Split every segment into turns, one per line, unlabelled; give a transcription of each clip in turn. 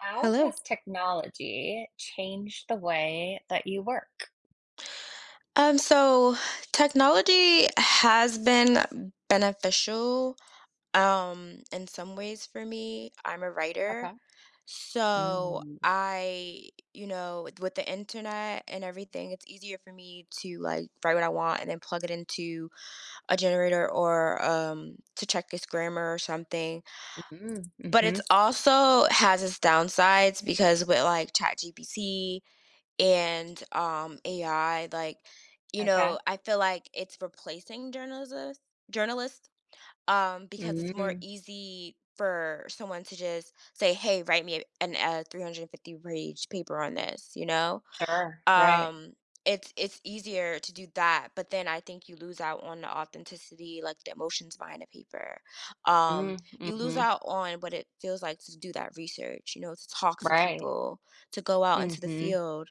How
Hello.
has technology changed the way that you work?
Um, so technology has been beneficial, um, in some ways for me. I'm a writer,
Okay.
so
Mm.
I you know, with with the Internet and everything, it's easier for me to, like, write what I want and then plug it into a generator or um, to check it's grammar or something
Mhm,
but
mhm.
it's also has its downsides because with, like, ChatGPT and, um, AI, like, you
Okay.
know, I feel like it's replacing journalism journalist, um, because it's more
Mm.
easy for someone to just say, "Hey, write me an a 350 page paper on this," you know?
Sure, right.
Um, it's it's easier to do that, but then I think you lose out on the authenticity, like the emotions behind the paper. Um,
Mm,
you lose
mhm.
out on what it feels like to do that research, you know, to talk to
Right.
people, to go out into the
Mhm.
field.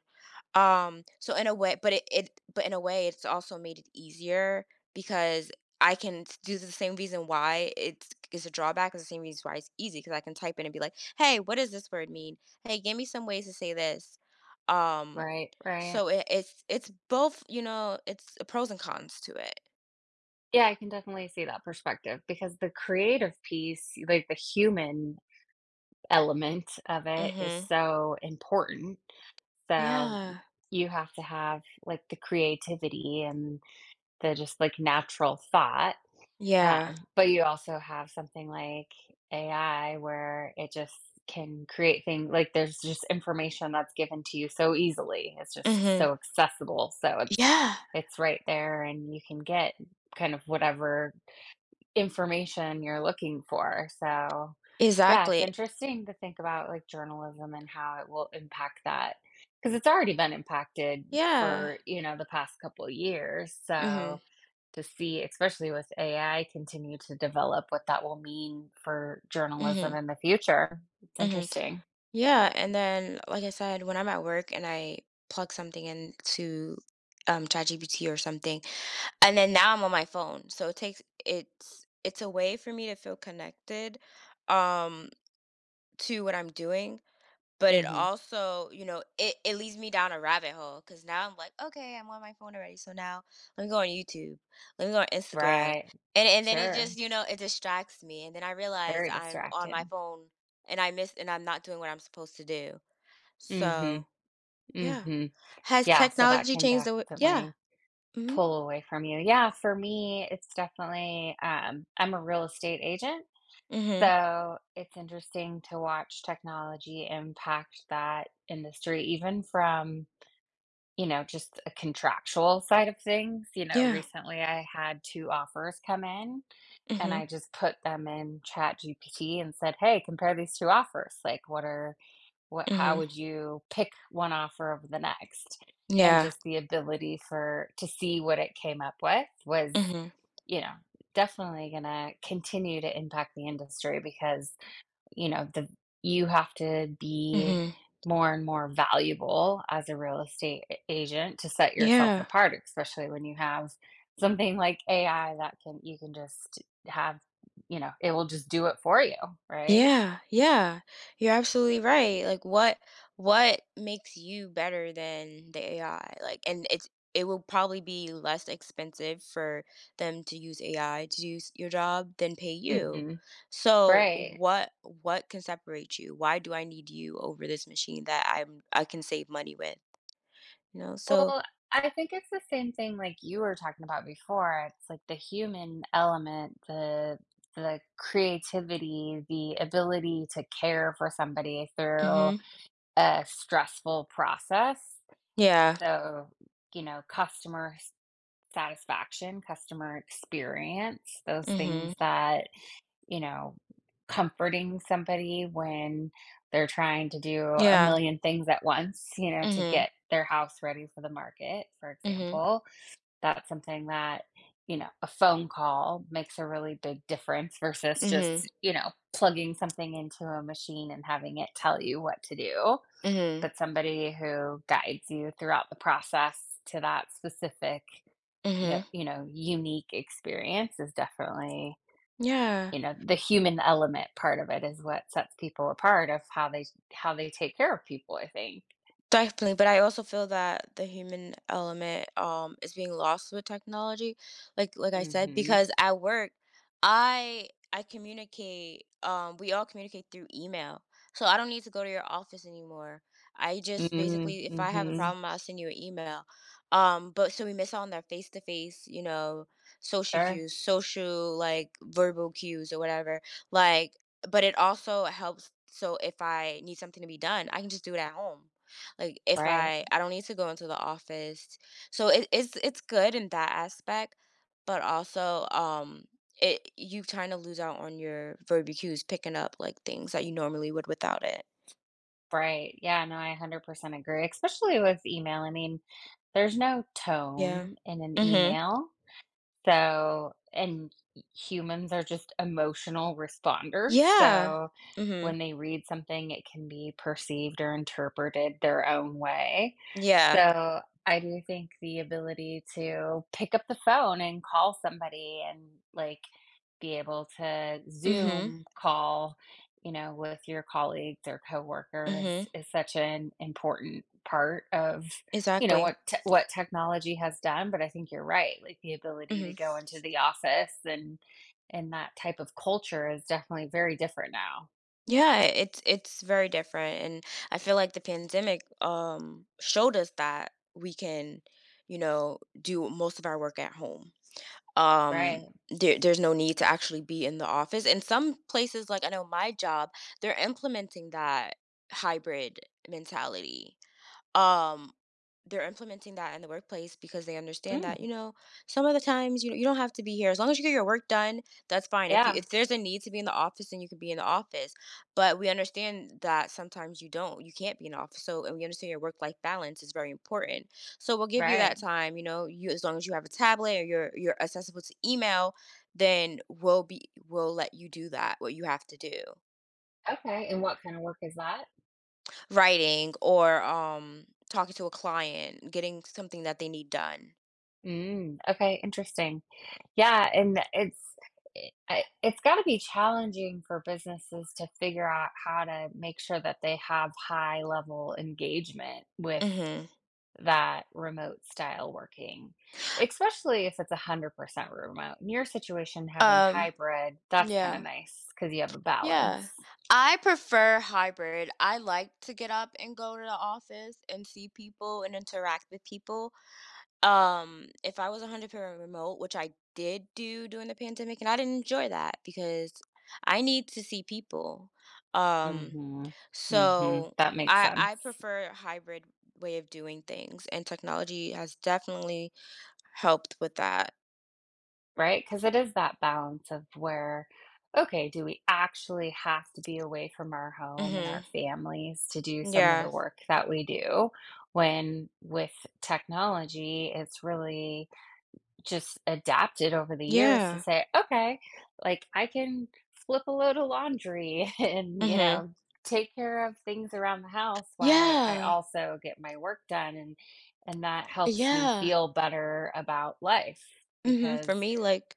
Um, so in a way but it it but in a way, it's also made it easier because I can s due to the same reason why it's k is a drawback is the same reason why it's easy 'cause I can type in and be, like, "Hey, what does this word mean? Hey, give me some ways to say this." Um,
Right, right.
so it it's it's both you know. It's pros and cons to it.
Yeah. I can definitely see that perspective because the creative piece, like, the human element of it is
Mhm.
so important, so,
Yeah.
you have to have, like, the creativity and the just, like, natural thought,
Yeah.
um, but you also have something like AI where it just can create thing like, there's just information that's given to you so easily. It's just
Mhm.
so accessible, so it's
Yeah.
it's right there, and you can get kind of whatever information you're looking for, so, yeah, it's
Exactly.
interesting to think about, like, journalism and how it will impact that 'cause it's already been impacted
Yeah.
for, you know, the past couple years,
Mhm.
so, to see especially with AI continue to develop what that will mean for journalism
Mhm.
in the future. It's
Mhm.
interesting.
Yeah, and then, like I said, when I'm at work and I plug something into, um, ChatGPT or something, and then now I'm on my phone. So, it takes it's it's a way for me to feel connected, um, to what I'm doing, but it
Mhm.
also you know, it it leads me down a rabbit hole 'cause now I'm like, "Okay. I'm on my phone already. So now lemme go on YouTube. Lemme go on Instagram."
Right.
And and then it just,
Sure.
you know, it distracts me, and then I realized
Very
I'm on my
distracting.
phone, and I miss and I'm not doing what I'm supposed to do,
Mhm.
so yeah.
Mhm.
Has
Yeah. So that
technology
can
changed the way Yeah.
definitely
Mhm.
pull away from you. Yeah, for me, it's definitely um, I'm a real estate agent,
Mhm.
so it's interesting to watch technology impact that industry even from, you know, just a contractual side of things. You know,
Yeah.
recently, I had 2 offers come in, and I
Mhm.
just put them in ChatGPT and said, "Hey, compare these 2 offers." Like, what are what how
Mhm.
would you pick one offer over the next? And
Yeah.
just the ability for to see what it came up with was,
Mhm.
you know, definitely gonna continue to impact the industry because, you know, the you have to be
Mhm.
more and more valuable as a real estate a agent to set yourself
Yeah.
apart, especially when you have something like AI that can you can just have you know, it will just do it for you, right?
Yeah. Yeah. You're absolutely right. Like, what what makes you better than the AI? Like, and it's it will probably be less expensive for them to use AI to do s your job than pay you.
Mhm.
So,
Right.
what what can separate you? Why do I need you over this machine that I'm I can save money with, you know? So
Well, I think it's the same thing like you were talking about before. It's, like, the human element, the the creativity, the ability to care for somebody through
Mhm.
a stressful process.
Yeah.
So, you know, customer s satisfaction, customer experience, those
Mhm.
things that, you know, comforting somebody when they're trying to do a
Yeah.
million things at once, you know, to
Mhm.
get their house ready for the market, for
Mhm.
example. That's something that, you know, a phone call makes a really big difference versus
Mhm.
just, you know, plugging something into a machine and having it tell you what to do,
Mhm.
but somebody who guides you throughout the process to that specific, yo
Mhm.
you know, unique experience is definitely,
Yeah.
you know, the human element part of it is what sets people apart of how they how they take care of people, I think.
Definitely, but I also feel that the human element, um, is being lost with technology, like like I said,
Mhm.
because at work I I communicate, um we all communicate through email, so I don't need to go to your office anymore. I just
Mhm,
basically, if I have a
mhm.
problem, I'll send you a email. Um, but so we miss out on their face to face, you know, social
Sure.
cues, social, like, verbal cues or whatever, like, but it also helps, so if I need something to be done, I can just do it at home. Like, if
Right.
I I don't need to go into the office. So, it it's it's good in that aspect, but also, um, it you've trying to lose out on your verbal cues picking up, like, things that you normally would without it.
Right. Yeah, no, I 100% agree, especially with email, I mean, there's no
Yeah.
tone in an
Mhm.
email, so, and h humans are just emotional responders,
Yeah.
so,
Mhm.
when they read something it can be perceived or interpreted their own way.
Yeah.
So, I do think the ability to pick up the phone and call somebody and, like, be able to
Mhm.
Zoom call, you know, with your colleagues or coworkers
Mhm.
is such an important part of, you know,
Exactly.
what te what technology has done, but I think you're right, like, the ability to
Mhm.
go into the office and and that type of culture is definitely very different now.
Yeah, i it's it's very different, and I feel like the pandemic, um, showed us that we can, you know, do most of our work at home. Um,
Right.
there there's no need to actually be in the office, and some places like I know my job, they're implementing that hybrid mentality. Um, they're implementing that in the workplace because they understand that,
Mm.
you know, some of the times, you know, "You don't have to be here as long as you get your work done, that's fine, if you
Yeah.
if there's a need to be in the office, then you could be in the office, but we understand that sometimes you don't you can't be in the office. So and we understand your work-life balance is very important, so we'll give you
Right.
that time, you know, you as long as you have a tablet, or you're you're accessible to email, then we'll be we'll let you do that- what you have to do."
Okay, and what kind of work is that?
Writing, or, um, talking to a client, getting something that they need done.
Mm. Okay, interesting. Yeah, and tha it's i I It's gotta be challenging for businesses to figure out how to make sure that they have high-level engagement with
Mhm.
that remote-style working, especially if it's 100% remote. In your situation, having
Um.
hybrid, that's kinda
Yeah.
nice 'cause you have a
Yeah.
balance.
I prefer hybrid, I like to get up and go to the office and see people and interact with people. Um, if I was 100% remote, which I did do during the pandemic, and I didn't enjoy that, because I need to see people. Um,
Mhm. Mhm.
so
That makes
I I
sense.
prefer a hybrid way of doing things, and technology has definitely helped with that.
Right, 'cause it is that balance of where okay, do we actually have to be away from our home and our
Mhm.
families to do some of the
Yeah.
work that we do? When with technology, it's really just adapted over the years to
Yeah.
say, "Okay, like, I can flip a load of laundry and, you
Mhm.
know, take care of things around the house while I
Yeah.
also get my work done," and and that helps me
Yeah.
feel better about life
Mhm,
because
for me, like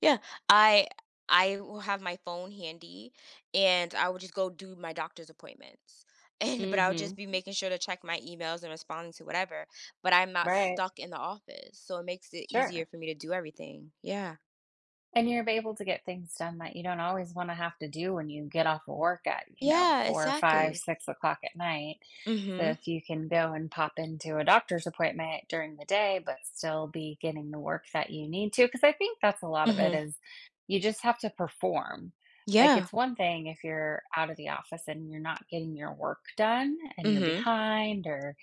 yeah, I I will have my phone handy, and I would just go do my doctor's appointments, and but I would
Mhm.
just be making sure to check my emails and responding to whatever, but I'm not
Right.
stuck in the office, so, it makes it easier
Sure.
for me to do everything, yeah.
And you're be able to get things done that you don't always wanna have to do when you get off of work at, you know,
Yeah,
four, or five,
exactly.
six o'clock at night. So,
Mhm.
if you can go and pop into a doctor's appointment during the day but still be getting the work that you need to 'cause I think that's a lot of it
Mhm.
is you just have to perform. Like,
Yeah.
it's one thing if you're out of the office and you're not getting your work done and you're
Mhm.
behind or,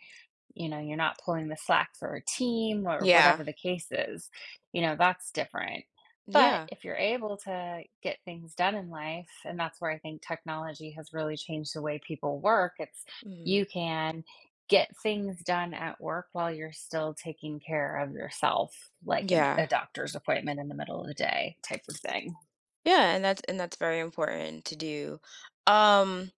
you know, you're not pulling the slack for a team or
Yeah.
whatever the case is. You know, that's different. But
Yeah.
if you're able to get things done in life, and that's where I think technology has really changed the way people work, it's
Mhm.
you can get things done at work while you're still taking care of yourself, like in a
Yeah.
doctor's appointment in the middle of the day type of thing.
Yeah, and that's and that's very important to do. Um,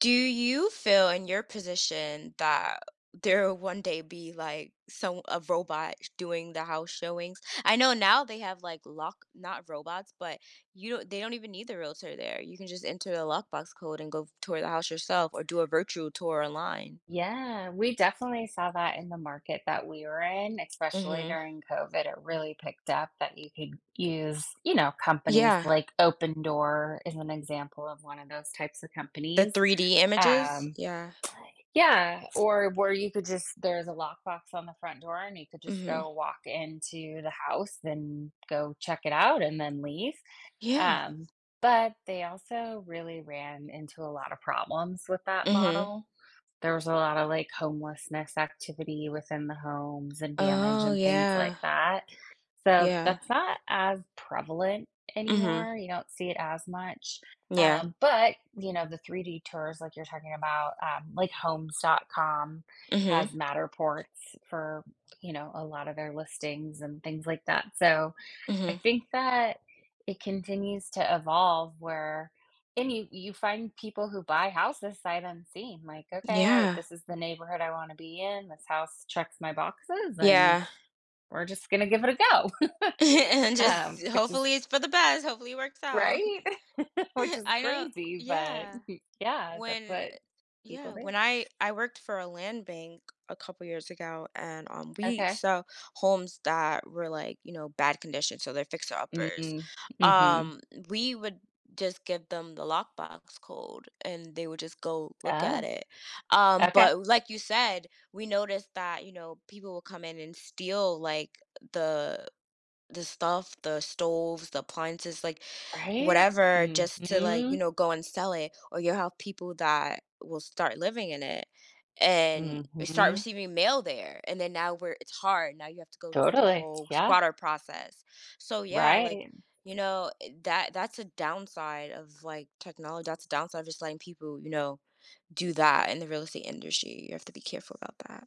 do you feel in your position that there will one day be, like, some a robot sh doing the house showings? I know now they have, like, lock not robots, but you don't They don't even need the realtor there, you can just enter a lockbox code and go f tour the house yourself or do a virtual tour online.
Yeah, we definitely saw that in the market that we are in, especially
Mhm.
during COVID it really picked up that you could use, you know, companies,
Yeah.
like, Opendoor is an example of one of those types of
The
companies,
3D images?
um
Yeah.
Yeah. Or where you could just there's a lockbox on the front door, and you could just
Mhm.
go walk into the house, then go check it out, and then leave,
Yeah.
um, but they also really ran into a lot of problems with that
Mhm.
model. There was a lot of, like, homelessness activity within the homes and damage
Oh,
and things
yeah.
like that, so
Yeah.
that's not as prevalent
Mhm.
anymore, you don't see it as much,
Yeah.
um, but, you know, the 3D tours like you're talking about, um, like, Homes.com has
Mhm.
Matterports for, you know, a lot of their listings and things like that. So, I
Mhm.
think that it continues to evolve where and you you find people who buy houses sight unseen, like, "Okay.
Yeah.
This is the neighborhood I wanna be in. This house checks my boxes, and
Yeah.
we're just gonna give it a go,"
And
um,
just
which is
hopefully it's for the best. Hopefully it works out.
Right? Which is
I know
crazy, but
Yeah.
Yeah, that's
When e
what people
Yeah,
do.
when I I worked for a land bank a couple years ago, and, um, we
Okay.
saw homes that were, like, you know, bad condition, so they're
Mm,
fixer-uppers.
mm. Mhm.
Um, we would just give them the lockbox code, and they would just go look at
Oh.
it. Um,
Okay.
but like you said, we noticed that, you know, people will come in and steal, like, the the stuff, the stoves, the appliances, like,
Right?
whatever, just to, like, you
Mhm.
know, go and sell it, or you'll have people that will start living in it, and start
Mhm.
receiving mail there, and then now we're it's hard. Now you have to go through the
Totally.
whole
Yeah.
squatter process. So, yeah, like,
Right.
you know, i that that's a downside of, like, technology. That's a downside of just letting people, you know, do that in the real estate industry, you have to be careful about that.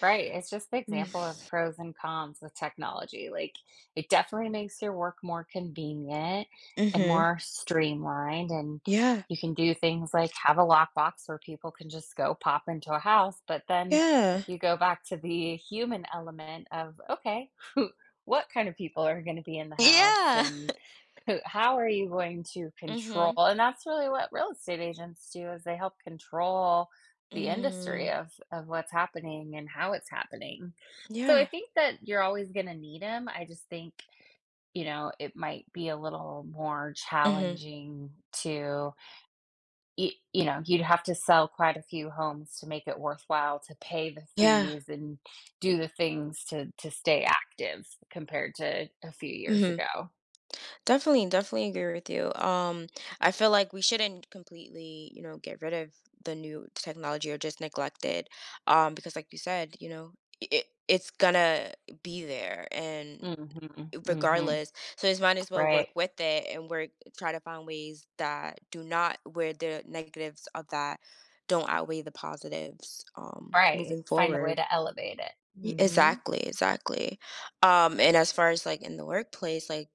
Right, it's just the
Mm
example of pros and cons with technology, like, it definitely makes your work more convenient and
Mhm.
more streamlined, and
Yeah.
you can do things like have a lockbox where people can just go pop into a house, but then
Yeah.
you go back to the human element of, "Okay, what kind of people are gonna be in the house?"
Yeah!
And, "Who how are you going to control"
Mhm.
and that's really what real estate agents do is they help control the industry
Mm.
of of what's happening and how it's happening. So, I
Yeah.
think that you're always gonna need 'em, I just think, you know, it might be a little more
Mhm.
challenging to... i you know, you'd have to sell quite a few homes to make it worthwhile to pay the
Yeah.
fees and do the things to to stay active compared to a few years
Mhm.
ago.
Definitely, definitely agree with you, um, I feel like we shouldn't completely, you know, get rid of the new technology or just neglect it, um, because, like you said, you know, i i it's gonna be there and
Mhm, mhm.
regardless, so as might as well work
Right.
with it and work try to find ways that do not where the negatives of that don't outweigh the positives, um,
Right,
moving
find a way
forward.
to elevate it,
Ye
mhm.
exactly, exactly, um, and as far as, like, in the workplace, like,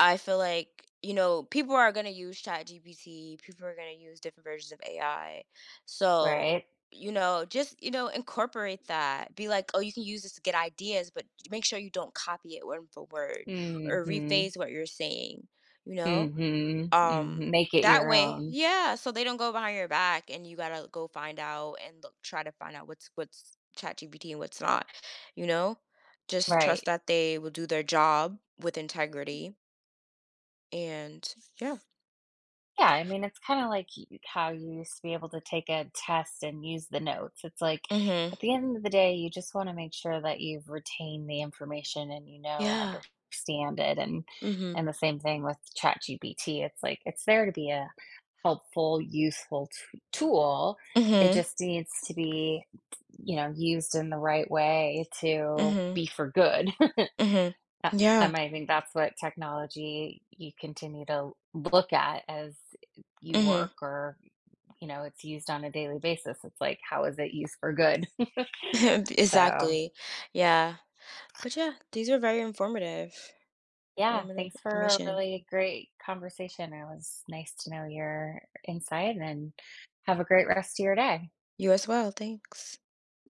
I feel like, you know, people are gonna use ChatGPT, people are gonna use different versions of AI, so,
Right.
you know just, you know, incorporate that, be like, "Oh, you can use this to get ideas, but j make sure you don't copy it word for word or
Mhm.
rephrase what you're saying." You know?
Mhm, mhm
Um,
make it
that
your
way
own.
Yeah, so they don't go behind your back, and you gotta go find out and look try to find out what's what's ChatGPT and what's not, you know? Just trust
Right.
that they will do their job with integrity and yeah.
Yeah, I mean, it's kinda like y how you used to be able to take a test and use the notes, it's like,
Mhm.
at the end of the day, you just wanna make sure that you've retained the information and you know and
Yeah.
understand it and
Mhm.
and the same thing with ChatGPT, it's like, it's there to be a helpful, useful too tool, it
Mhm.
just needs to be, t you know, used in the right way to
Mhm.
be for good.
Mhm.
Uh
Yeah.
um, I think that's what technology you continue to look at as, eh i you
Mhm.
work or, you know, it's used on a daily basis, it's like, how is it used for good? So
Exactly. Yeah. But, yeah, these are very informative
Yeah,
formative
thanks for a
information.
really great conversation, it was nice to know your insight, and have a great rest a your day.
You as well, thanks.